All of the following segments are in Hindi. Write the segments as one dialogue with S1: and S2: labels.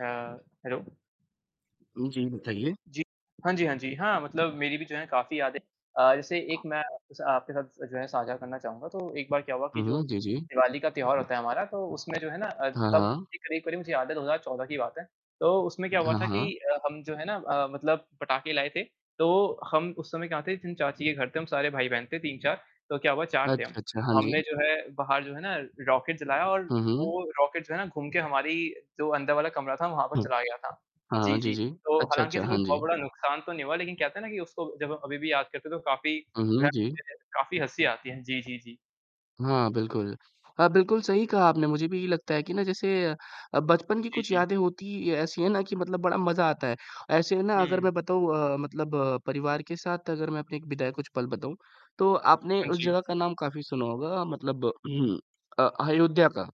S1: हाँ। हैलो।
S2: उम, जी, बताइए।
S1: जी। हाँ जी, हाँ जी। हाँ, मतलब मेरी भी जो है काफ़ी यादें अ, जैसे एक मैं स आपके साथ स जो है साझा करना चाहूँगा तो एक बार क्या हुआ कि
S2: हुँ,
S1: जो
S2: हुँ। जी, जी।
S1: दिवाली का त्योहार होता है हमारा तो उसमें जो है ना अ,
S2: हाँ,
S1: तब
S2: हाँ।
S1: एक [unintelligible] मुझे याद है 2014 की बात है तो उसमें क्या हुआ
S2: हाँ,
S1: था कि
S2: हाँ।
S1: अ, हम जो है ना अ, मतलब पटाके लाए थे। तो हम उस समय क्या थे जिन चाची के घर थे हम सारे भाई-बहन थे 3-4, तो क्या हुआ 4 थे हम।
S2: अच्छा, अच्छा। हाँ
S1: हमने
S2: जी।
S1: जो है बाहर जो है ना रॉकेट जलाया और
S2: हुँ, हुँ।
S1: वो रॉकेट जो है ना घूम के हमारी जो अंदर वाला कमरा था वहाँ पर
S2: हुँ।
S1: चला गया था।
S2: हाँ,
S1: जी,
S2: जी,
S1: जी,
S2: जी।
S1: तो
S2: अच्छा,
S1: हालाँकि
S2: अच्छा,
S1: ऐसे कोई
S2: हाँ
S1: बहुत
S2: जी।
S1: बड़ा नुकसान तो नहीं हुआ लेकिन कहते हैं ना कि उसको जब अभी भी याद करते हैं तो काफ़ी
S2: हुँ, हुँ, जी।
S1: [unintelligible] काफ़ी हँसी आती है। जी, जी, जी।
S2: हाँ बिल्कुल। अ, बिल्कुल सही कहा आपने मुझे भी ये लगता है कि ना जैसे अ अ, बचपन की
S1: जी,
S2: कुछ
S1: जी।
S2: यादें होती ही ऐसी है ना कि मतलब बड़ा मज़ा आता है, ऐसे में ना अगर
S1: हुँ।
S2: मैं बताऊँ अ, मतलब अ, परिवार के साथ अगर मैं अपने एक बिताए कुछ पल बताऊँ तो आपने
S1: हाँ
S2: उस
S1: जी।
S2: जगह का नाम काफ़ी सुना होगा अ, मतलब अ अयोध्या का?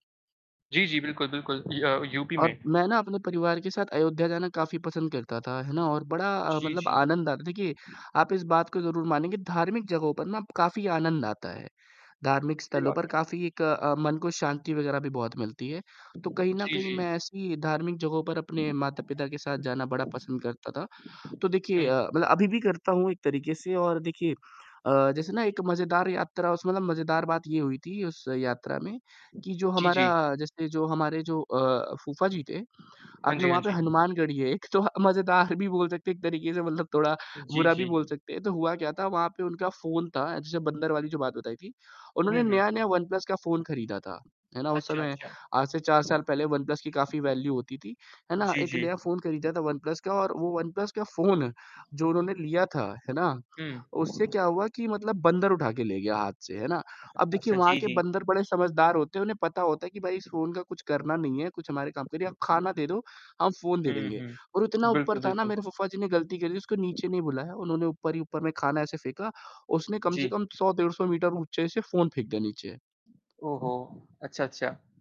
S1: जी, जी, बिल्कुल, बिल्कुल। य अ, यूपी में।
S2: और मैं ना अपने परिवार के साथ अयोध्या जाना काफ़ी पसंद करता था, है ना? और बड़ा अ,
S1: जी,
S2: मतलब
S1: जी।
S2: आनंद आता है। देखिए, आप इस बात को ज़रूर मानें कि धार्मिक जगहों पर ना अप काफ़ी आनंद आता है, धार्मिक
S1: सही
S2: स्थलों
S1: बात
S2: पर
S1: है।
S2: काफ़ी एक अ, मन को शांति वग़ैरह भी बहुत मिलती है, तो कहीं न
S1: जी,
S2: कहीं
S1: जी।
S2: मैं ऐसी धार्मिक जगहों पर अपने माता-पिता के साथ जाना बड़ा पसंद करता था। तो देखिए
S1: हुँ।
S2: अ, मतलब अभी भी करता हूँ एक तरीके से और देखिए अ, जैसे ना एक मज़ेदार यात्रा उस मतलब मज़ेदार बात ये हुई थी उस यात्रा में कि जो
S1: जी,
S2: हमारा
S1: जी।
S2: जैसे जो हमारे जो अ, फूफा जी थे
S1: हाँ
S2: आपने
S1: जी, हाँ
S2: वहाँ पे
S1: जी।
S2: हनुमान गढ़ी है एक तो ह मज़ेदार भी बोल सकते हैं एक तरीके से मतलब थोड़ा
S1: अ, जी,
S2: बुरा भी बोल
S1: जी।
S2: सकते हैं तो हुआ क्या था वहाँ पे उनका फ़ोन था जैसे बंदर वाली बताई थी
S1: हुँ,
S2: उन्होंने
S1: हुँ।
S2: नया-नया वन प्लस का फ़ोन खरीदा था है ना उस
S1: अच्छा,
S2: समय
S1: अच्छा।
S2: आज से 4 साल पहले वन प्लस की काफ़ी वैल्यू होती थी, है ना,
S1: जी,
S2: एक नया
S1: जी।
S2: फ़ोन खरीदा था वन प्लस का और वो वन प्लस का फ़ोन जो उन्होंने लिया था, है ना?
S1: हुँ।
S2: उससे क्या हुआ कि मतलब बंदर उठा के ले गया हाथ से, है ना? अब देखिए
S1: अच्छा,
S2: वहाँ
S1: जी,
S2: के
S1: जी।
S2: बंदर बड़े समझदार होते हैं, उन्हें पता होता है कि भई इस फ़ोन का कुछ करना नहीं है, कुछ हमारे काम का नहीं है, आप खाना दे दो, हम फ़ोन दे
S1: हुँ,
S2: देंगे।
S1: हुँ।
S2: और इतना ऊपर
S1: बिल्कुल,
S2: था ना
S1: बिल्कुल।
S2: मेरे फूफ़ाज़ी ने गलती करी थी, उसको नीचे नहीं बुलाया, उन्होंने ऊपर ही ऊपर में खाना ऐसे फेंका, उसने कम से
S1: जी।
S2: कम 100 डेढ़ 100 मीटर ऊँचे से फ़ोन फेंक दिया नीचे।
S1: ओहो! अच्छा, अच्छा।